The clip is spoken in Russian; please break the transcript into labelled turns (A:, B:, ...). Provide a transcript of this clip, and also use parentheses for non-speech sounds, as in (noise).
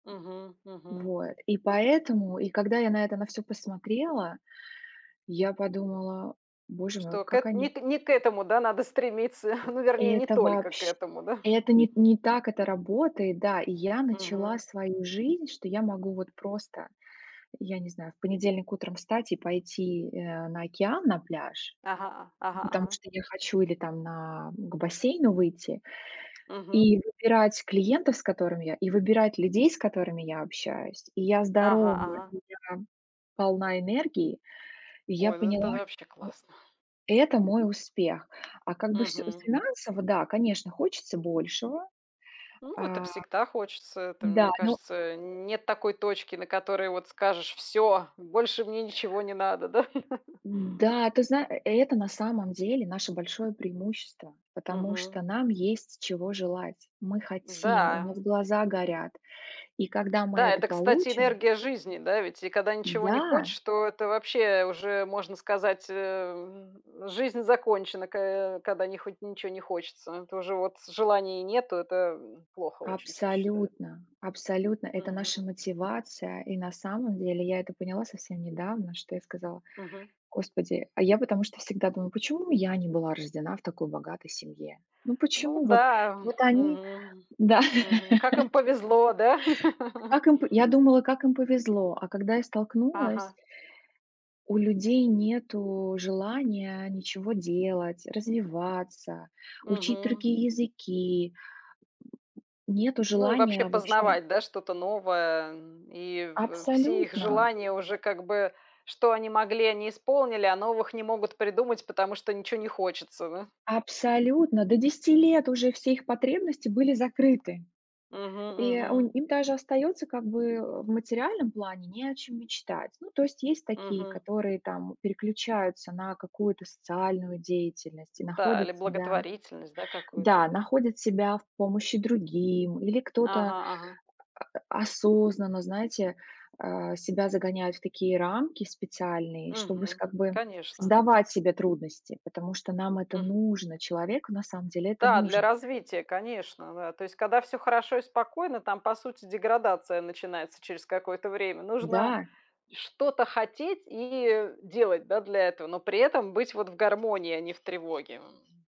A: Мгм. Мгм.
B: Вот и поэтому, и когда я на это на всё посмотрела, я подумала: "Боже мой,
A: Что, к
B: как
A: эт
B: они".
A: не к не к этому, да, надо стремиться? (chuckles) Ну, вернее, не
B: Это
A: только к
B: вообщ
A: этому, да? (chuckles)
B: это не не так это работает, да. И я начала
A: Мгм.
B: свою жизнь, что я могу вот просто, я не знаю, в понедельник утром встать и пойти, э, на океан, на пляж.
A: Ага, а, ага
B: Ну, потому
A: ага.
B: что я хочу, или там на к бассейну выйти
A: Мгм.
B: и выбирать клиентов, с которыми я, и выбирать людей, с которыми я общаюсь. И я
A: Ага,
B: здорова,
A: ага.
B: и я полна энергии, и я
A: Ой, ну, это
B: поняла,
A: вообще
B: что
A: классно.
B: это мой успех. А как бы всё
A: Мгм.
B: финансово, да, конечно, хочется большего.
A: Ну, это
B: А
A: всегда хочется. Это,
B: Да
A: мне
B: ну
A: кажется, нет такой точки, на которой, вот, скажешь: "Всё, больше мне ничего не надо", да? (chuckles)
B: М, да, ты зна э, это на самом деле наше большое преимущество. Потому
A: Мгм.
B: что нам есть чего желать, мы хотим, у
A: М-да.
B: нас глаза горят, и когда мы
A: Да,
B: это
A: это, кстати,
B: получим
A: энергия жизни, да ведь? И когда ничего не
B: Да.
A: хочешь, то это, вообще, уже можно сказать, э м, жизнь закончена, ко когда не хоть ничего не хочется. То уже вот желания нету- это, м, плохо очень всё, считаю.
B: Абсолютно абсолютно это наша
A: Мгм.
B: мотивация, и на самом деле я это поняла совсем недавно, что я сказала: "О
A: Мгм.
B: господи, а я потому что всегда думала, почему я не была рождена в такой богатой семье?" Ну
A: Ну
B: почему вот
A: да,
B: вот
A: эм,
B: они,
A: мгм,
B: да.
A: мгм, как им
B: (laughs)
A: повезло, да? (laughs)
B: Как им по я думала, как им повезло, а когда я столкнулась.
A: Ага.
B: У людей нету желания ничего делать, развиваться, учить
A: Мгм.
B: другие языки, м, (grunts) нету
A: Ну, и вообще,
B: желания вообще.
A: познавать, да, что-то новое, эм, и в все их
B: Абсолютно.
A: желания уже, как бы, что они могли, они исполнили, а новых не могут придумать, потому что ничего не хочется, да?
B: Абсолютно до 10 лет уже все их потребности были закрыты.
A: Мгм,
B: И у
A: мгм.
B: им даже остается, как бы, э, в материальном плане не о чем мечтать. Ну, то есть есть такие,
A: Мгм.
B: которые там переключаются на какую-то социальную деятельность и
A: Да, или
B: находят себя.
A: благотворительность, да, какую-то,
B: Да,
A: да?
B: находят себя в помощи другим, или кто-то,
A: Ага, ага.
B: а (grunts) осознанно, знаете, а, себя загоняют в такие рамки в специальные, чтобы с
A: Мгм.
B: как бы
A: Конечно.
B: создавать себе трудности, потому что нам это
A: Мгм.
B: нужно. Человеку на самом деле это
A: Да, для
B: нужно.
A: развития, конечно, да. То есть, когда всё хорошо и спокойно, там, по сути, деградация начинается через какое-то время. Нужно
B: Да.
A: что-то хотеть и, э, делать, да, для этого, но при этом быть вот в гармонии, а не в тревоге, м.